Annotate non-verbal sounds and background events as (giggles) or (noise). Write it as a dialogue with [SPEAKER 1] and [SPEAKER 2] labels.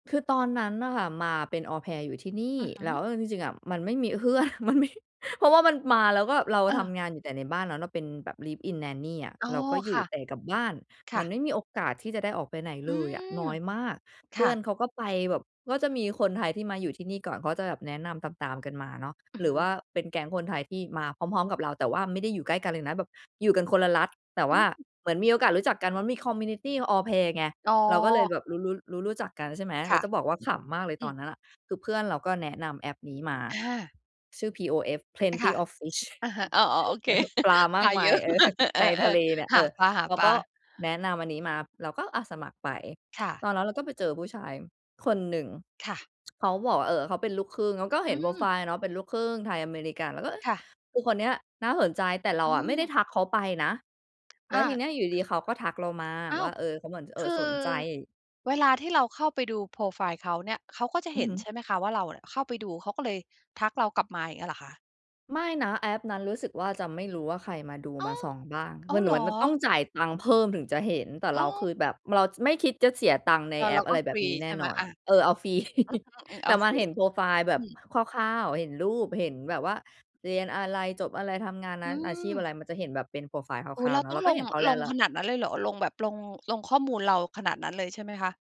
[SPEAKER 1] คือตอนนั้นน่ะค่ะ มาเป็น Au Pair อยู่ที่นี่
[SPEAKER 2] อะฮ
[SPEAKER 1] แล
[SPEAKER 2] ะ
[SPEAKER 1] ้ว เออ จริง ๆ อะ มันไม่มี เพื่อน มันไม่ เพราะว่ามันมา แล้วก็แบบเรา
[SPEAKER 2] เ
[SPEAKER 1] ท
[SPEAKER 2] ออ
[SPEAKER 1] ำงานอยู่แต่ในบ้านเนาะ เราเป็นแบบ Live in Nanny อะ
[SPEAKER 2] อ๋อ
[SPEAKER 1] เราก็อย
[SPEAKER 2] ค
[SPEAKER 1] ู่
[SPEAKER 2] ่ะ
[SPEAKER 1] แต่กับบ้าน
[SPEAKER 2] ค
[SPEAKER 1] ม
[SPEAKER 2] ่
[SPEAKER 1] ั
[SPEAKER 2] ะ
[SPEAKER 1] นไม่มีโอกาสที่จะได้ออกไปไหน
[SPEAKER 2] อ
[SPEAKER 1] เ
[SPEAKER 2] ื
[SPEAKER 1] ลยอะ น
[SPEAKER 2] ม
[SPEAKER 1] ้อยมาก
[SPEAKER 2] ค
[SPEAKER 1] เพื
[SPEAKER 2] ่
[SPEAKER 1] ่อน
[SPEAKER 2] ะ
[SPEAKER 1] เขาก็ไปแบบ ก็จะมีคนไทยที่มาอยู่ที่นี่ก่อน เขาจะแบบแนะนำตาม ๆ กันมาเนาะ
[SPEAKER 2] อื
[SPEAKER 1] ห
[SPEAKER 2] อ
[SPEAKER 1] รื
[SPEAKER 2] ฮ
[SPEAKER 1] อ
[SPEAKER 2] ึ
[SPEAKER 1] ว่าเป็นแก๊งคนไทยที่มาพร้อม ๆ กับเรา แต่ว่าไม่ได้อยู่ใกล้กันเลยนะ แบบอยู่กันคนละรัฐ แต่ว
[SPEAKER 2] อ
[SPEAKER 1] ่า
[SPEAKER 2] ืม
[SPEAKER 1] เหมือนมีโอกาสรู้จักกันว่า มี คอมมิวนิตี Au Pair ไง
[SPEAKER 2] อ๋อ
[SPEAKER 1] เราก็เลยแบบรู้ รู้ รู้ รู้จักกัน ใช่ไหม
[SPEAKER 2] ค
[SPEAKER 1] แล้
[SPEAKER 2] ่
[SPEAKER 1] ว
[SPEAKER 2] ะ
[SPEAKER 1] จะบอกว่าขำมากเลย
[SPEAKER 2] อื
[SPEAKER 1] ตอน
[SPEAKER 2] ม
[SPEAKER 1] นั้นอะ คือเพื่อนเราก็แนะนำแอปนี้มา
[SPEAKER 2] อา
[SPEAKER 1] ชื่อ POF
[SPEAKER 2] อะค่ะ
[SPEAKER 1] PlentyofFish
[SPEAKER 2] อะฮะ อ๋อ ๆ โอเค
[SPEAKER 1] (giggles) ปลาม
[SPEAKER 2] ป
[SPEAKER 1] า
[SPEAKER 2] ล
[SPEAKER 1] ก
[SPEAKER 2] า
[SPEAKER 1] ม
[SPEAKER 2] เ
[SPEAKER 1] า
[SPEAKER 2] ย
[SPEAKER 1] ย
[SPEAKER 2] อะ
[SPEAKER 1] เอ
[SPEAKER 2] ม
[SPEAKER 1] อ
[SPEAKER 2] าก เอ
[SPEAKER 1] ในทะ
[SPEAKER 2] อ
[SPEAKER 1] เลเนี่ย
[SPEAKER 2] ๆ ห
[SPEAKER 1] เอ
[SPEAKER 2] า
[SPEAKER 1] อ
[SPEAKER 2] ป
[SPEAKER 1] เขา
[SPEAKER 2] ล
[SPEAKER 1] ก
[SPEAKER 2] า
[SPEAKER 1] ็
[SPEAKER 2] ๆ
[SPEAKER 1] แนะนำอันนี้มา เราก็ อะ สมัครไป
[SPEAKER 2] ค่ะ
[SPEAKER 1] ตอนนั้นเราก็ไปเจอผู้ชายคนหนึ่ง
[SPEAKER 2] ค่ะ
[SPEAKER 1] (tsk) เขาบอกว่า เออ เขาเป็นลูกครึ่ง เราก็เ
[SPEAKER 2] อ
[SPEAKER 1] ห
[SPEAKER 2] ื
[SPEAKER 1] ็นโพรไ
[SPEAKER 2] ม
[SPEAKER 1] ฟล์อะเนาะ เป็นลูกครึ่งไทย-อเมริกัน เราก็ เออ
[SPEAKER 2] ค่ะ
[SPEAKER 1] อูคนเนี้ยน่าสนใจ แต่เรา
[SPEAKER 2] อื
[SPEAKER 1] อะไม่ไ
[SPEAKER 2] ม
[SPEAKER 1] ด้ทักเขาไปนะ แล
[SPEAKER 2] อ
[SPEAKER 1] ้วที
[SPEAKER 2] า
[SPEAKER 1] เนี้ยอยู่ดี ๆ เขาก็ทักเรามา
[SPEAKER 2] อ้า
[SPEAKER 1] ว
[SPEAKER 2] ว
[SPEAKER 1] ่า เออ เขาเหมือน เอ
[SPEAKER 2] ค
[SPEAKER 1] ่อ
[SPEAKER 2] ื
[SPEAKER 1] ส
[SPEAKER 2] อ
[SPEAKER 1] นใจ
[SPEAKER 2] เวลาที่เราเข้าไปดูโพรไฟล์เขาเนี่ย เขาก็จะ
[SPEAKER 1] อื
[SPEAKER 2] เห
[SPEAKER 1] อ
[SPEAKER 2] ็
[SPEAKER 1] ฮ
[SPEAKER 2] น
[SPEAKER 1] ึ
[SPEAKER 2] ใช่ไหมคะว่า เราอะเข้าไปดู เขาก็เลยทักเรากลับมา อย่างเงี้ยเหรอคะ?
[SPEAKER 1] ไม่นะ แอปนั้นรู้สึกว่า จะไม่รู้ว่าใครมาดู
[SPEAKER 2] อ้
[SPEAKER 1] ม
[SPEAKER 2] า
[SPEAKER 1] า
[SPEAKER 2] ว
[SPEAKER 1] ส่องบ้าง
[SPEAKER 2] อ้
[SPEAKER 1] ม
[SPEAKER 2] าว
[SPEAKER 1] ัน
[SPEAKER 2] เ
[SPEAKER 1] เ
[SPEAKER 2] หร
[SPEAKER 1] หมื
[SPEAKER 2] อ?
[SPEAKER 1] อนมันต้องจ่ายตังค์เพิ่มถึงจะเห็น แต่เ
[SPEAKER 2] อ
[SPEAKER 1] ร
[SPEAKER 2] ๋
[SPEAKER 1] าค
[SPEAKER 2] อ
[SPEAKER 1] ือแบบเราไม่คิดจะเสียตังค์ใน
[SPEAKER 2] เออ
[SPEAKER 1] แอ
[SPEAKER 2] เรา
[SPEAKER 1] ป อ
[SPEAKER 2] ก
[SPEAKER 1] ะไ
[SPEAKER 2] ็
[SPEAKER 1] รแ
[SPEAKER 2] ฟ
[SPEAKER 1] บ
[SPEAKER 2] ร
[SPEAKER 1] บ
[SPEAKER 2] ี
[SPEAKER 1] นี้แน
[SPEAKER 2] ใช
[SPEAKER 1] ่
[SPEAKER 2] ่ไห
[SPEAKER 1] น
[SPEAKER 2] ม?
[SPEAKER 1] อน
[SPEAKER 2] อ
[SPEAKER 1] อ
[SPEAKER 2] า
[SPEAKER 1] ะ เออ เอาฟรี (chuckles)
[SPEAKER 2] อืม ๆ โ
[SPEAKER 1] แ
[SPEAKER 2] อ
[SPEAKER 1] ต่
[SPEAKER 2] เ
[SPEAKER 1] ม
[SPEAKER 2] ค
[SPEAKER 1] าเห็นโพรไฟล์แบ
[SPEAKER 2] อื
[SPEAKER 1] บ
[SPEAKER 2] ม
[SPEAKER 1] คร่าว ๆ เห็นรูป เห็นแบบว่า เรียนอะไร? จบอะไร? ทำงานน
[SPEAKER 2] อ
[SPEAKER 1] ั
[SPEAKER 2] ื
[SPEAKER 1] ้นอาชีพอ
[SPEAKER 2] ม
[SPEAKER 1] ะไร? มันจะเห็นแบบเป็นโพรไฟล์ค
[SPEAKER 2] อุ๊
[SPEAKER 1] ร่
[SPEAKER 2] ย
[SPEAKER 1] า
[SPEAKER 2] เ
[SPEAKER 1] ว
[SPEAKER 2] ร
[SPEAKER 1] ๆ
[SPEAKER 2] า
[SPEAKER 1] เนา
[SPEAKER 2] ต
[SPEAKER 1] ะ
[SPEAKER 2] ้
[SPEAKER 1] เ
[SPEAKER 2] อ
[SPEAKER 1] ร
[SPEAKER 2] ง
[SPEAKER 1] าก
[SPEAKER 2] ล
[SPEAKER 1] ็เ
[SPEAKER 2] ง
[SPEAKER 1] ห็นเขาแล
[SPEAKER 2] ล
[SPEAKER 1] ้ว
[SPEAKER 2] ง
[SPEAKER 1] และ
[SPEAKER 2] ขนาดนั้นเลยเหรอ ลง แบบลง ลงข้อมูลเราขนาดนั้นเลยใช่ไหมคะ?